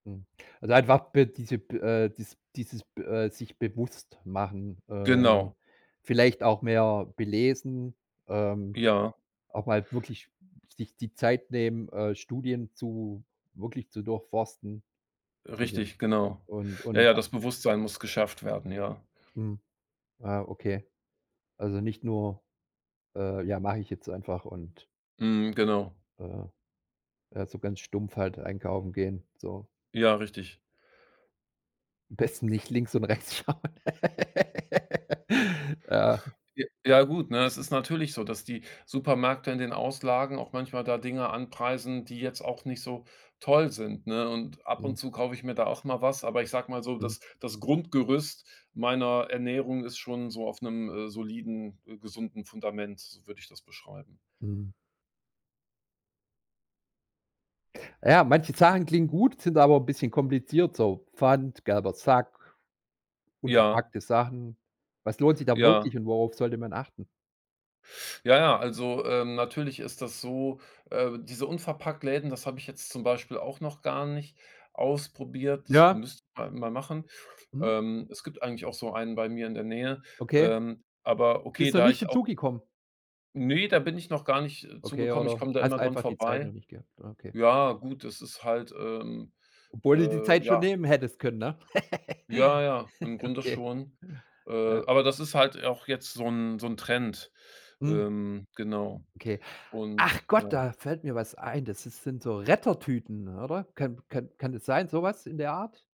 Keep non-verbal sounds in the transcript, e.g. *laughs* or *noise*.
Hm, also einfach b diese b äh, des dieses b äh, sich bewusst machen, äh, Genau. vielleicht auch mehr belesen, ähm, Ja. auch mal wirklich sich die Zeit nehmen, äh, Studien zu, wirklich zu durchforsten. Also Richtig, genau. und Ja, ja, und a das Bewusstsein muss geschafft werden, ja. Mhm, ah, okay. Also, nicht nur, äh, ja mache ich jetzt einfach und Mhm, genau. Äh. Ja, so ganz stumpf halt einkaufen gehen, so. Ja, richtig. Am besten nicht links und rechts schauen. *laughs* Ja. J ja gut, ne? Es ist *giggles* natürlich so, dass die Supermärkte in den Auslagen auch manchmal da Dinge anpreisen, die jetzt auch nicht so toll sind, ne? Und ab Mhm. und zu kaufe ich mir da auch mal was, aber ich sage mal so, Mhm. das das Grundgerüst meiner Ernährung ist schon so auf einem, äh, soliden, äh, gesunden Fundament, so würde ich das beschreiben. Mhm. Ja, manche Sachen klingen gut, sind aber 'n bisschen kompliziert, so. Pfand, gelber Sack, Ja. unverpackte Sachen. Was lohnt sich da Ja. wirklich und worauf sollte man achten? Ja, ja, also, äh, natürlich ist das so, äh, diese Unverpackt-Läden, das habe ich jetzt zum Beispiel auch noch gar nicht ausprobiert, das Ja. müsste man halt mal machen. Mhm. Ähm, es gibt eigentlich auch so einen bei mir in der Nähe, Okay. ähm, aber okay, Bist noch da nicht ich auch dazu gekommen? Ne, da bin ich noch gar nicht, äh, zu Okay, gekommen, ich oder komme da hast immer dran einfach die Zeit noch vorbei nicht gehabt. Okay. Ja, gut, das ist halt, ähm, Obwohl du die äh, Zeit schon ja. nehmen hättest können, ne? Ja, *laughs* ja, im Grunde Okay. schon, äh, Ja. aber das ist halt auch jetzt so 'n so 'n Trend. Mhm. Ähm, genau. Okay. Ach Und Gott, ja. da fällt mir was ein. Das ist sind so Rettertüten, oder? Kann kann kann das sein, sowas in der Art?